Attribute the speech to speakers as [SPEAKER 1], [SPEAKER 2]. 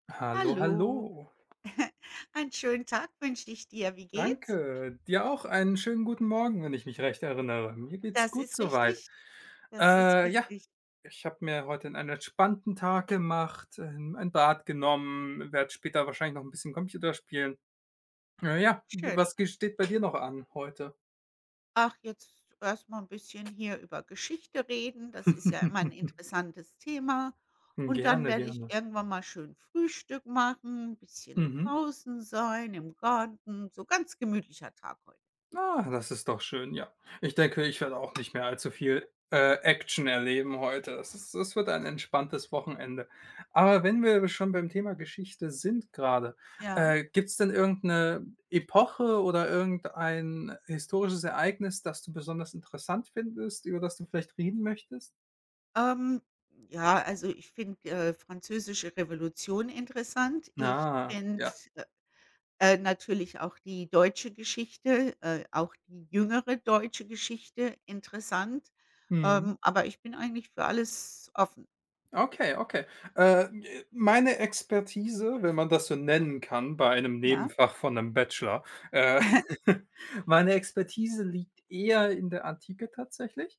[SPEAKER 1] Hallo,
[SPEAKER 2] Hallo.
[SPEAKER 1] hallo.
[SPEAKER 2] Einen schönen Tag wünsche ich dir. Wie geht's?
[SPEAKER 1] Danke. Dir auch einen schönen guten Morgen, wenn ich mich recht erinnere. Mir geht's
[SPEAKER 2] Das
[SPEAKER 1] gut
[SPEAKER 2] ist
[SPEAKER 1] so weit.
[SPEAKER 2] richtig. Das ist
[SPEAKER 1] Äh, ja,
[SPEAKER 2] richtig.
[SPEAKER 1] ich habe mir heute 'n einen entspannten Tag gemacht, ähm, ein Bad genommen, werde später wahrscheinlich noch 'n bisschen Computer spielen. Äh, ja, g
[SPEAKER 2] Schön.
[SPEAKER 1] was ge steht bei dir noch an heute?
[SPEAKER 2] Ach, jetzt erst mal 'n bisschen hier über Geschichte reden. Das ist ja immer 'n interessantes Thema.
[SPEAKER 1] Hm,
[SPEAKER 2] Und dann
[SPEAKER 1] gerne,
[SPEAKER 2] werde ich
[SPEAKER 1] gerne.
[SPEAKER 2] irgendwann mal schön Frühstück machen, bisschen
[SPEAKER 1] Mhm.
[SPEAKER 2] draußen sein im Garten, so ganz gemütlicher Tag heut.
[SPEAKER 1] Ah, das ist doch schön, ja. Ich denke, ich
[SPEAKER 2] Ja.
[SPEAKER 1] werde auch nicht mehr allzu viel, äh, Action erleben heute. Das ist es wird ein entspanntes Wochenende. Aber wenn wir schon beim Thema Geschichte sind grade,
[SPEAKER 2] Ja.
[SPEAKER 1] äh, gibt's denn irgend 'ne Epoche oder irgendein historisches Ereignis, das du besonders interessant findest, über das du vielleicht reden möchtest?
[SPEAKER 2] Ähm, ja, also, ich finde, äh, französische Revolution interessant. Ich
[SPEAKER 1] Ah,
[SPEAKER 2] finde,
[SPEAKER 1] ja.
[SPEAKER 2] äh, äh, natürlich auch die deutsche Geschichte, äh, auch die jüngere deutsche Geschichte interessant,
[SPEAKER 1] Mhm.
[SPEAKER 2] ähm, aber ich bin eigentlich für alles offen.
[SPEAKER 1] Okay, okay. Äh, äh, meine Expertise, wenn man das so nennen kann bei einem
[SPEAKER 2] Ja.
[SPEAKER 1] Nebenfach von 'nem Bachelor, äh, meine Expertise liegt eher in der Antike tatsächlich.